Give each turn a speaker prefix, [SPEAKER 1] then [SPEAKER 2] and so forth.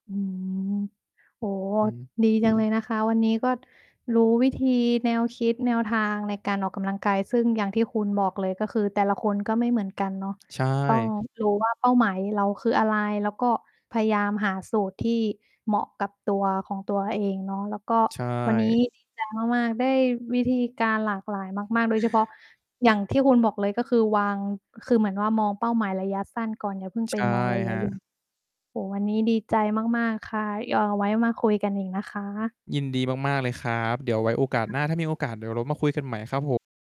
[SPEAKER 1] อืม โอ้โฮ
[SPEAKER 2] อือฮึ
[SPEAKER 1] ดี จังเลยนะคะ วันนี้ก็รู้วิธี แนวคิด แนวทางในการออกกำลังกาย ซึ่งอย่างที่คุณบอกเลย ก็คือแต่ละคนก็ไม่เหมือนกันเนาะ
[SPEAKER 2] ใช
[SPEAKER 1] ต้อง
[SPEAKER 2] ่
[SPEAKER 1] รู้ว่า เป้าหมายเราคืออะไร แล้วก็พยายามหาสูตรที่เหมาะกับตัวของตัวเองเนาะ แล้วก็
[SPEAKER 2] ใช
[SPEAKER 1] วันนี
[SPEAKER 2] ่
[SPEAKER 1] ้ ดีใจ มาก ๆ ได้วิธีการหลากหลายมาก ๆ โดยเฉพาะ อย่างที่คุณบอกเลย ก็คือวาง คือเหมือนว่ามองเป้าหมายระยะสั้นก่อน อย่าเพิ่ง
[SPEAKER 2] ใ
[SPEAKER 1] ไ
[SPEAKER 2] ช
[SPEAKER 1] ป
[SPEAKER 2] ่
[SPEAKER 1] มองระ
[SPEAKER 2] ค
[SPEAKER 1] ยะ
[SPEAKER 2] รั
[SPEAKER 1] ย
[SPEAKER 2] บ
[SPEAKER 1] โอ้โฮ วันนี้ดีใจมาก ๆ ค่ะ ย เอาไว้มาคุยกันอีกนะคะ
[SPEAKER 2] ยินดีมาก ๆ เลยครับ เดี๋ยวไว้โอกาสหน้า ถ้ามีโอกาสเดี๋ยวเรามาคุยกันใหม่ครับผม